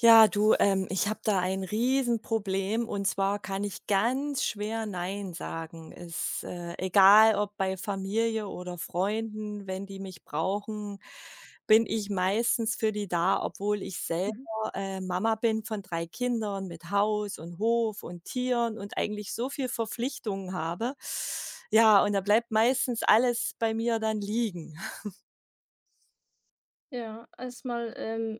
Ja du, ähm, ich habe da ein Riesenproblem. Und zwar kann ich ganz schwer „Nein“ sagen. Es äh, egal ob bei Familie oder Freunden, wenn die mich brauchen, bin ich meistens für die da, obwohl ich selber, Mhm. äh, Mama bin von 3 Kindern mit Haus und Hof und Tieren und eigentlich so viel Verpflichtungen habe. Ja, und da bleibt meistens alles bei mir dann liegen. Ja, erst mal, ähm,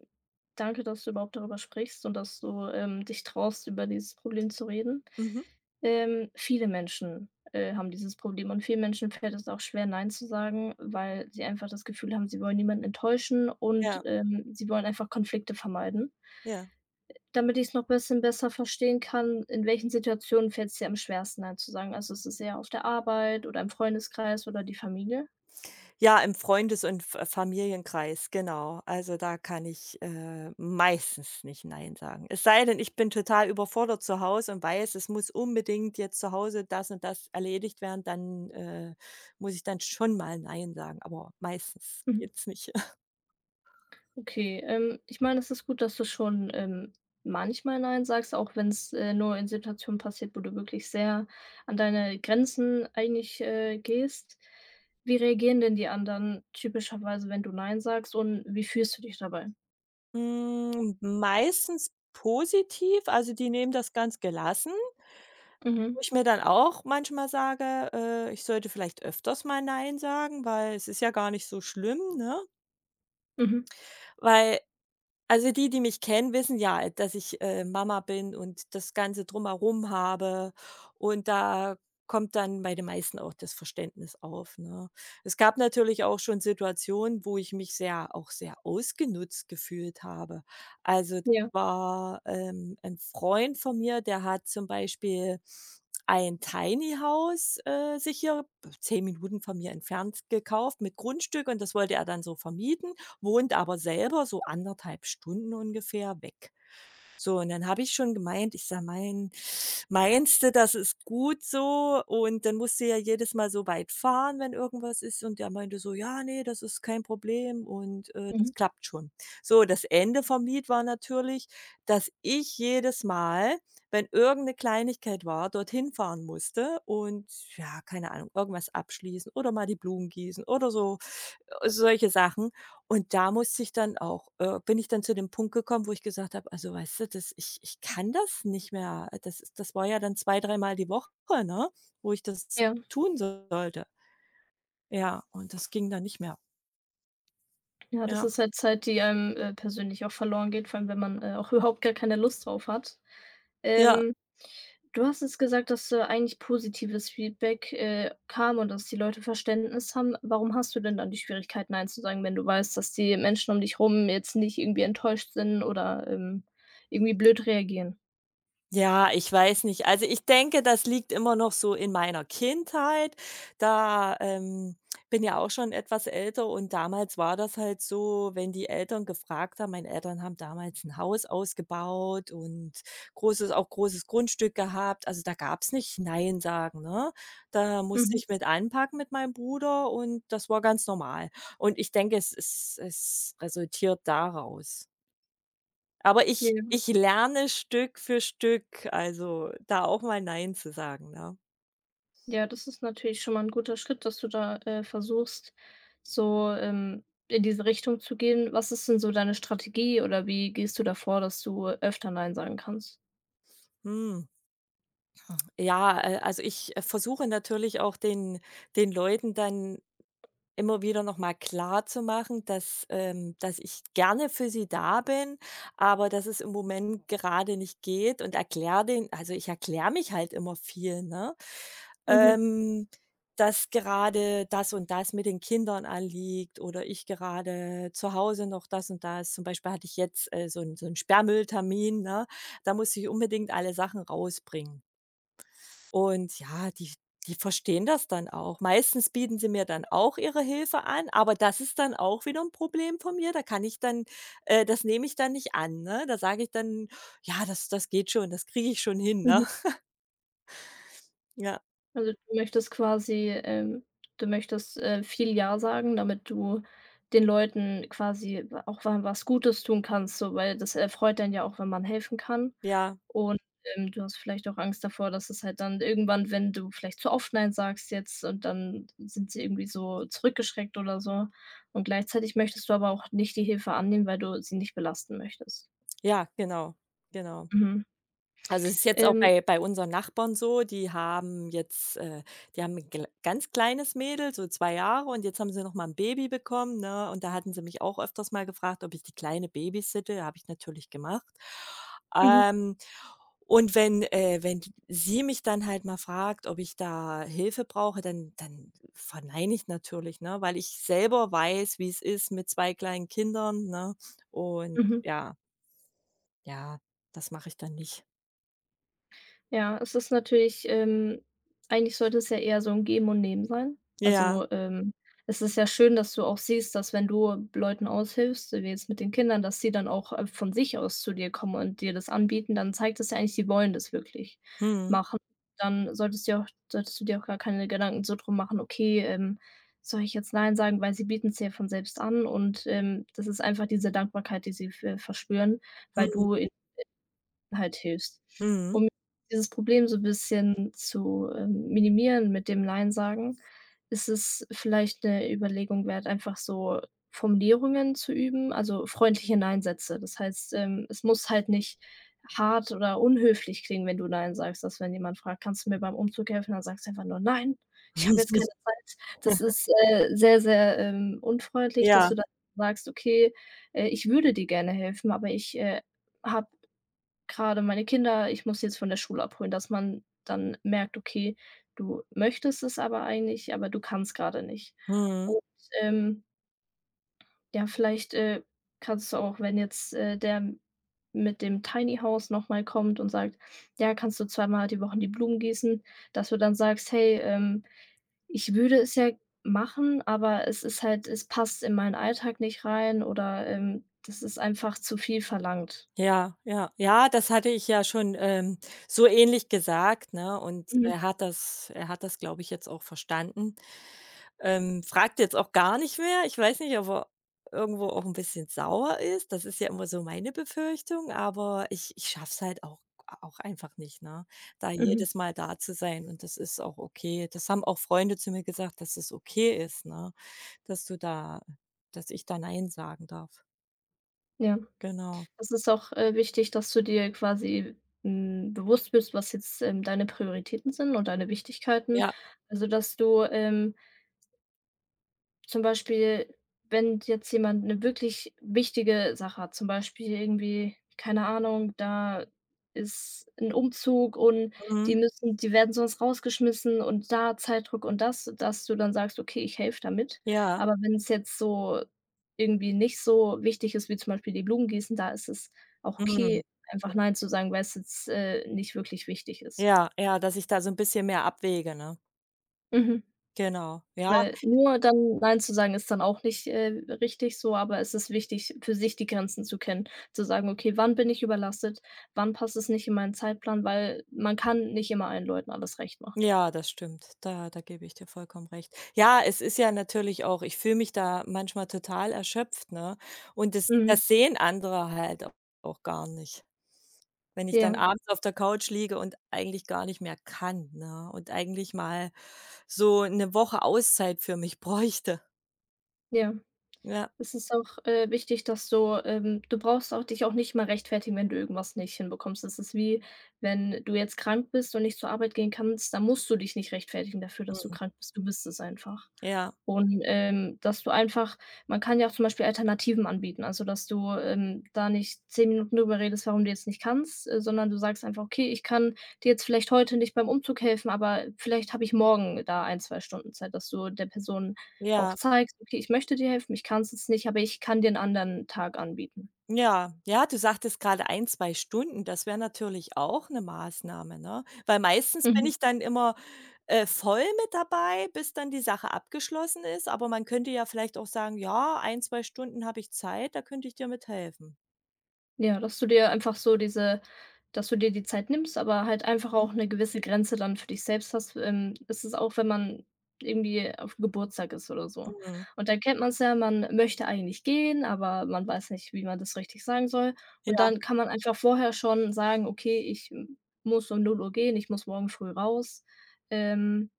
danke, dass du überhaupt darüber sprichst und dass du, ähm, dich traust, über dieses Problem zu reden. Mhm. Ähm, viele Menschen, äh, haben dieses Problem und vielen Menschen fällt es auch schwer, „Nein“ zu sagen, weil sie einfach das Gefühl haben, sie wollen niemanden enttäuschen und, Ja. ähm, sie wollen einfach Konflikte vermeiden. Ja. Damit ich's noch bisschen besser verstehen kann, in welchen Situationen fällt's dir am schwersten, „Nein“ zu sagen? Also, ist es eher auf der Arbeit oder im Freundeskreis oder die Familie? Ja, im Freundes und F Familienkreis, genau. Also, da kann ich, äh, meistens nicht „Nein“ sagen. Es sei denn, ich bin total überfordert zu Hause und weiß, es muss unbedingt jetzt zu Hause das und das erledigt werden, dann, äh, muss ich dann schon mal „Nein“ sagen. Aber meistens Mhm. geht's nicht. Okay, ähm, ich meine, es ist gut, dass du schon, ähm, manchmal „Nein“ sagst, auch wenn's, äh, nur in Situationen passiert, wo du wirklich sehr an deine Grenzen eigentlich, äh, gehst. Wie reagieren denn die anderen typischerweise, wenn du „Nein“ sagst? Und wie fühlst du dich dabei? Hm, meistens positiv. Also, die nehmen das ganz gelassen Mhm. wo ich mir dann auch manchmal sage: „Äh, ich sollte vielleicht öfters mal Nein sagen, weil es ist ja gar nicht so schlimm, ne?“ Mhm. Weil also, die, die mich kennen, wissen ja, dass ich, äh, Mama bin und das ganze Drumherum habe und da kommt dann bei den meisten auch das Verständnis auf, ne? Es gab natürlich auch schon Situationen, wo ich mich sehr auch sehr ausgenutzt gefühlt habe. Also, das Ja. war, ähm, ein Freund von mir, der hat zum Beispiel ein Tiny House, äh, sich hier, äh, 10 Minuten von mir entfernt, gekauft mit Grundstück und das wollte er dann so vermieten, wohnt aber selber so 1 1/2 Stunden ungefähr weg. So, und dann habe ich schon gemeint ich sage: „Mein meinst du, das ist gut so? Und dann musst du ja jedes Mal so weit fahren, wenn irgendwas ist.“ Und er meinte so: „Ja, ne, das ist kein Problem und, äh, das Mhm. klappt schon.“ So, das Ende vom Lied war natürlich, dass ich jedes Mal, wenn irgend 'ne Kleinigkeit war, dorthin fahren musste und, ja, keine Ahnung, irgendwas abschließen oder mal die Blumen gießen oder so, äh solche Sachen. Und da musste ich dann auch, äh bin ich dann zu dem Punkt gekommen, wo ich gesagt habe: „Also, weißt du, das ich ich kann das nicht mehr.“ Das das war ja dann zwei dreimal die Woche, ne, wo ich das Ja. tun sollte. Ja, und das ging dann nicht mehr. Ja, das Ja. ist halt Zeit, die einem, äh, persönlich auch verloren geht, vor allem wenn man, äh, auch überhaupt gar keine Lust drauf hat. Ja. Ähm, du hast jetzt gesagt, dass da eigentlich positives Feedback, äh, kam und dass die Leute Verständnis haben. Warum hast du denn dann die Schwierigkeiten, Nein zu sagen, wenn du weißt, dass die Menschen um dich rum jetzt nicht irgendwie enttäuscht sind oder, ähm, irgendwie blöd reagieren? Ja, ich weiß nicht. Also ich denke, das liegt immer noch so in meiner Kindheit, da ähm, bin ja auch schon etwas älter, und damals war das halt so, wenn die Eltern gefragt haben meine Eltern haben damals 'n Haus ausgebaut und großes auch großes Grundstück gehabt, also da gab's nicht Nein sagen, ne? Da musste Mhm. ich mit anpacken mit meinem Bruder, und das war ganz normal. Und ich denke, es es es resultiert daraus. Aber ich Ja. ich lerne Stück für Stück, also da auch mal Nein zu sagen, ne? Ja, das ist natürlich schon mal 'n guter Schritt, dass du da, äh, versuchst, so, ähm, in diese Richtung zu gehen. Was ist denn so deine Strategie, oder wie gehst du da vor, dass du öfter Nein sagen kannst? Hm. Ja, äh, also ich versuche natürlich auch, den den Leuten dann immer wieder noch mal klarzumachen, dass ähm, dass ich gerne für sie da bin, aber dass es im Moment gerade nicht geht, und erkläre denen also ich erkläre mich halt immer viel, ne? Mhm. Ähm, dass gerade das und das mit den Kindern anliegt oder ich gerade zu Hause noch das und das zum Beispiel hatte ich jetzt, äh, so 'n so 'n Sperrmülltermin, ne? Da musste ich unbedingt alle Sachen rausbringen und, ja, die die verstehen das dann auch. Meistens bieten sie mir dann auch ihre Hilfe an, aber das ist dann auch wieder 'n Problem von mir, da kann ich dann äh, das nehme ich dann nicht an, ne? Da sage ich dann: „Ja, das das geht schon. Das kriege ich schon hin“, ne? Mhm. Ja. Also, du möchtest quasi, ähm du möchtest, äh, viel „Ja“ sagen, damit du den Leuten quasi auch wa was Gutes tun kannst. So, weil das erfreut einen ja auch, wenn man helfen kann. Ja. Und, ähm, du hast vielleicht auch Angst davor, dass es halt dann irgendwann, wenn du vielleicht zu oft „Nein“ sagst jetzt, und dann sind sie irgendwie so zurückgeschreckt oder so. Und gleichzeitig möchtest du aber auch nicht die Hilfe annehmen, weil du sie nicht belasten möchtest. Ja, genau, genau. Mhm. Also, es ist jetzt auch Ähm bei bei unseren Nachbarn so: Die haben jetzt, äh die haben 'n gl ganz kleines Mädel, so 2 Jahre und jetzt haben sie noch mal 'n Baby bekommen, ne? Und da hatten sie mich auch öfters mal gefragt, ob ich die Kleine babysitte. Habe ich natürlich gemacht. Mhm. Ähm, und wenn, äh wenn die sie mich dann halt mal fragt, ob ich da Hilfe brauche, dann dann verneine ich natürlich, ne, weil ich selber weiß, wie's ist mit 2 kleinen Kindern, ne? Und Mhm. ja. Ja, das mache ich dann nicht. Ja, es ist natürlich, ähm eigentlich sollte es ja eher so 'n Geben und Nehmen sein. Ja. Also, ähm, es ist ja schön, dass du auch siehst, dass wenn du Leuten aushilfst, wie jetzt mit den Kindern, dass sie dann auch, äh, von sich aus zu dir kommen und dir das anbieten. Dann zeigt das ja eigentlich, sie wollen das wirklich Mhm. machen. Dann solltest du dir auch solltest du dir auch gar keine Gedanken so drum machen: „Okay, ähm, soll ich jetzt Nein sagen?“, weil sie bieten's dir von selbst an und, ähm, das ist einfach diese Dankbarkeit, die sie ver verspüren, weil Mhm. du ihnen halt hilfst. Mhm. Um dieses Problem so 'n bisschen zu, ähm, minimieren mit dem Nein sagen, ist es vielleicht 'ne Überlegung wert, einfach so Formulierungen zu üben, also, freundliche Nein-Sätze. Das heißt, ähm, es muss halt nicht hart oder unhöflich klingen, wenn du Nein sagst. Dass wenn jemand fragt: „Kannst du mir beim Umzug helfen?“, dann sagst du einfach nur: „Nein, ich habe jetzt keine Zeit.“ Das ist, äh, sehr, sehr, ähm, unfreundlich, dass Ja. du dann sagst: „Okay, äh, ich würde dir gerne helfen, aber ich, äh, habe grade meine Kinder, ich muss sie jetzt von der Schule abholen“, dass man dann merkt, okay, du möchtest es aber eigentlich, aber du kannst grade nicht. Mhm. Und, ähm ja, vielleicht, äh, kannst du auch, wenn jetzt, äh, der mit dem Tiny House noch mal kommt und sagt: „Ja, kannst du zweimal die Woche die Blumen gießen?“, dass du dann sagst: „Hey, ähm, ich würde es ja machen, aber es ist halt es passt in meinen Alltag nicht rein“, oder, ähm, das ist einfach zu viel verlangt. Ja, ja. Ja, das hatte ich ja schon, ähm, so ähnlich gesagt, ne? Und Mhm. er hat das er hat das, glaube ich, jetzt auch verstanden. Ähm, fragt jetzt auch gar nicht mehr. Ich weiß nicht, ob er irgendwo auch 'n bisschen sauer ist. Das ist ja immer so meine Befürchtung, aber ich ich schaffe es halt auch auch einfach nicht, ne, da Mhm. jedes Mal da zu sein und das ist auch okay. Das haben auch Freunde zu mir gesagt, dass es okay ist, ne, dass du da dass ich da Nein sagen darf. Ja, Genau. es ist auch, äh, wichtig, dass du dir quasi, hm, bewusst bist, was jetzt, ähm, deine Prioritäten sind und deine Wichtigkeiten. Ja. Also dass du, ähm zum Beispiel, wenn jetzt jemand 'ne wirklich wichtige Sache hat zum Beispiel irgendwie, keine Ahnung, da ist 'n Umzug und Mhm. die müssen die werden sonst rausgeschmissen und da Zeitdruck und das dass du dann sagst: „Okay, ich helfe da mit.“ Ja. Aber wenn's jetzt so irgendwie nicht so wichtig ist, wie zum Beispiel die Blumen gießen, da ist es auch okay, Mhm. einfach [unintelligible] Nein zu sagen, weil's jetzt, äh, nicht wirklich wichtig ist. Ja, ja, dass ich da so'n bisschen mehr abwäge, ne? Mhm. Genau, ja. Weil nur dann Nein zu sagen, ist dann auch nicht, äh, richtig so, aber es ist wichtig, für sich die Grenzen zu kennen, zu sagen: „Okay, wann bin ich überlastet? Wann passt es nicht in meinen Zeitplan?“ Weil man kann nicht immer allen Leuten alles recht machen. Ja, das stimmt, da da gebe ich dir vollkommen recht. Ja, es ist ja natürlich auch ich fühle mich da manchmal total erschöpft, ne? Und das Mhm. das sehen andere halt au auch gar nicht, wenn ich dann Ja. abends auf der Couch liege und eigentlich gar nicht mehr kann, ne, und eigentlich mal so 'ne Woche Auszeit für mich bräuchte. Ja, Ja. es ist auch, äh, wichtig, dass du ähm, du brauchst auch dich auch nicht immer rechtfertigen, wenn du irgendwas nicht hinbekommst. Es ist wie, wenn du jetzt krank bist und nicht zur Arbeit gehen kannst, dann musst du dich nicht rechtfertigen dafür, dass du Mhm. krank bist. Du bist es einfach. Ja. Und, ähm, dass du einfach man kann ja auch zum Beispiel Alternativen anbieten. Also, dass du, ähm, da nicht 10 Minuten drüber redest, warum du jetzt nicht kannst, sondern du sagst einfach: „Okay, ich kann dir jetzt vielleicht heute nicht beim Umzug helfen, aber vielleicht habe ich morgen da 1, 2 Stunden Zeit“, dass du der Person auch Ja. zeigst: „Okay, ich möchte dir helfen, ich kann's jetzt nicht, aber ich kann dir 'n anderen Tag anbieten.“ Ja, ja, du sagtest grade 1, 2 Stunden, das wär natürlich auch 'ne Maßnahme, ne? Weil meistens bin Mhm. ich dann immer, äh, voll mit dabei, bis dann die Sache abgeschlossen ist. Aber man könnte ja vielleicht auch sagen: „Ja, 1, 2 Stunden habe ich Zeit, da könnte ich dir mit helfen.“ Ja, dass du dir einfach so diese dass du dir die Zeit nimmst, aber halt einfach Mhm. auch 'ne gewisse Grenze dann für dich selbst hast. Ähm, das ist auch, wenn man irgendwie auf'm Geburtstag ist oder so. Mhm. Und da kennt man's ja, man möchte eigentlich gehen, aber man weiß nicht, wie man das richtig sagen soll. Und Ja. dann kann man einfach vorher schon sagen: „Okay, ich muss um 0:00 gehen, ich muss morgen früh raus.“ Ähm,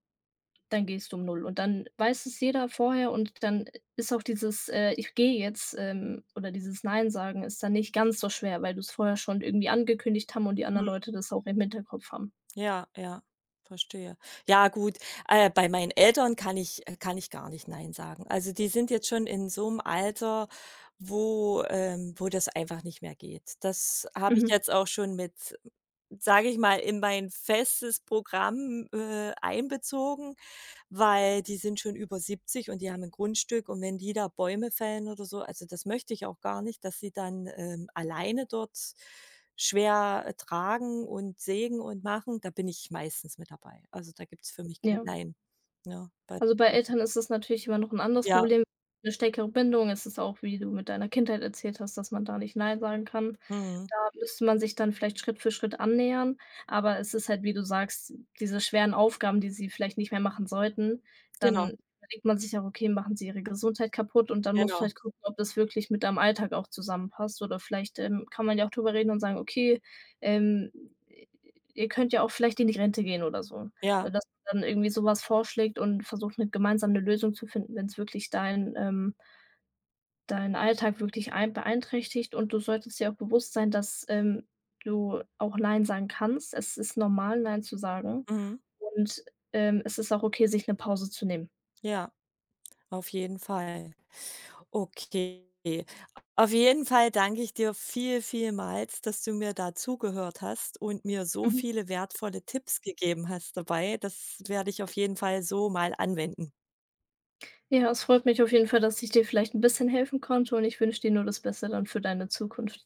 dann gehst du um 0:00. Und dann weiß es jeder vorher und dann ist auch dieses, äh: „Ich gehe jetzt“, ähm, oder dieses Nein sagen ist dann nicht ganz so schwer, weil du's vorher schon irgendwie angekündigt haben und die anderen Mhm. Leute das auch im Hinterkopf haben. Ja, ja, verstehe. Ja gut, äh, bei meinen Eltern kann ich äh, kann ich gar nicht Nein sagen. Also, die sind jetzt schon in so 'nem Alter, wo, ähm wo das einfach nicht mehr geht. Das habe ich Mhm. jetzt auch schon mit, sage ich mal, in mein festes Programm, äh, einbezogen, weil die sind schon über 70 und die haben 'n Grundstück und wenn die da Bäume fällen oder so, also, das möchte ich auch gar nicht, dass sie dann, ähm, alleine dort schwer tragen und sägen und machen. Da bin ich meistens mit dabei. Also, da gibt's für mich kein Ja. Nein, ne? Bei Also, bei [unintelligible] Eltern ist es natürlich immer noch 'n anderes Ja. Problem. 'Ne stärkere Bindung. Es ist auch, wie du mit deiner Kindheit erzählt hast, dass man da nicht Nein sagen kann. Mhm. Da müsste man sich dann vielleicht Schritt für Schritt annähern, aber es ist halt, wie du sagst, diese schweren Aufgaben, die sie vielleicht nicht mehr machen sollten, Genau. dann denkt man sich auch: „Okay, machen sie ihre Gesundheit kaputt?“ Und dann musst du Genau. vielleicht gucken, ob das wirklich mit deinem Alltag auch zusammenpasst. Oder vielleicht, ähm, kann man ja auch drüber reden und sagen: „Okay, ähm, ihr könnt ja auch vielleicht in die Rente gehen“, oder so. Ja. Dass man dann irgendwie so was vorschlägt und versucht, mit gemeinsam 'ne Lösung zu finden, wenn's wirklich deinen, ähm deinen Alltag wirklich ein beeinträchtigt. Und du solltest dir auch bewusst sein, dass, ähm, du auch Nein sagen kannst. Es ist normal, Nein zu sagen Mhm. und, ähm, es ist auch okay, sich 'ne Pause zu nehmen. Ja, auf jeden Fall. Okay. Auf jeden Fall danke ich dir viel, vielmals, dass du mir da zugehört hast und mir so Mhm. viele wertvolle Tipps gegeben hast dabei. Das werde ich auf jeden Fall so mal anwenden. Ja, es freut mich auf jeden Fall, dass ich dir vielleicht 'n bisschen helfen konnte und ich wünsche dir nur das Beste dann für deine Zukunft.